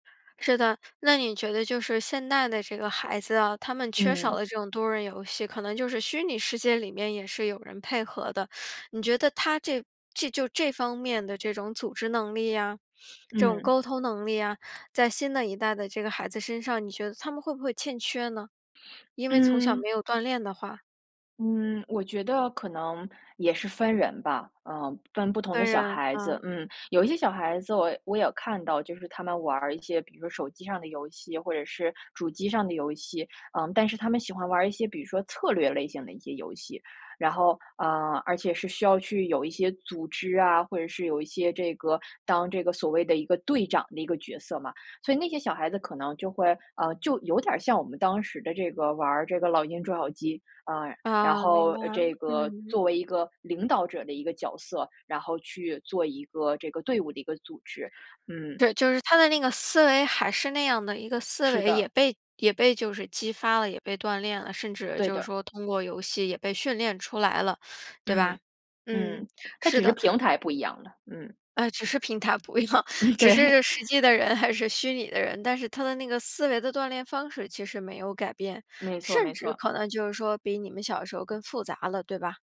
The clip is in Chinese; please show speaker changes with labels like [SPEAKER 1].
[SPEAKER 1] 是的，那你觉得就是现代的这个孩子啊，他们缺少
[SPEAKER 2] 嗯。
[SPEAKER 1] 了这种多人游戏，可能就是虚拟世界里面也是有人配合的。你觉得他这这就这方面的这种组织能力呀，这种
[SPEAKER 2] 嗯。
[SPEAKER 1] 沟通能力呀，在新的一代的这个孩子身上，你觉得他们会不会欠缺呢？因为从小
[SPEAKER 2] 嗯。
[SPEAKER 1] 没有锻炼的话。
[SPEAKER 2] 嗯，我觉得可能也是分人吧，呃，分不同的
[SPEAKER 1] 分
[SPEAKER 2] 小
[SPEAKER 1] 人，
[SPEAKER 2] 孩子。
[SPEAKER 1] 嗯。
[SPEAKER 2] 嗯，有一些小孩子我我也看到，就是他们玩儿一些比如说手机上的游戏或者是主机上的游戏。呃，但是他们喜欢玩儿一些比如说策略类型的一些游戏。然后呃，而且是需要去有一些组织啊，或者是有一些这个当这个所谓的一个队长的一个角色嘛。所以那些小孩子可能就会，呃，就有点儿像我们当时的这个玩儿这个老鹰捉小鸡，啊，然
[SPEAKER 1] 啊，明
[SPEAKER 2] 后，
[SPEAKER 1] 白
[SPEAKER 2] 呃，
[SPEAKER 1] 了，
[SPEAKER 2] 这个
[SPEAKER 1] 嗯。
[SPEAKER 2] 作为一个领导者的一个角色，然后去做一个这个队伍的一个组织，嗯。
[SPEAKER 1] 对，就是他的那个思维还是那样的一个思
[SPEAKER 2] 是
[SPEAKER 1] 维，也
[SPEAKER 2] 的。
[SPEAKER 1] 被也被就是激发了，也被锻炼了，甚至
[SPEAKER 2] 对
[SPEAKER 1] 就是
[SPEAKER 2] 的。
[SPEAKER 1] 说通过游戏也被训练出来了，对
[SPEAKER 2] 嗯，
[SPEAKER 1] 吧？嗯，
[SPEAKER 2] 嗯，它
[SPEAKER 1] 是
[SPEAKER 2] 只是
[SPEAKER 1] 的。
[SPEAKER 2] 平台不一样了。嗯。
[SPEAKER 1] 哎，只是平台不一样，只
[SPEAKER 2] 对。
[SPEAKER 1] 是实际的人还是虚拟的人。但是他的那个思维的锻炼方式，其实没有改变，
[SPEAKER 2] 没错
[SPEAKER 1] 甚
[SPEAKER 2] 没
[SPEAKER 1] 至
[SPEAKER 2] 错。
[SPEAKER 1] 可能就是说，比你们小的时候更复杂了，对吧？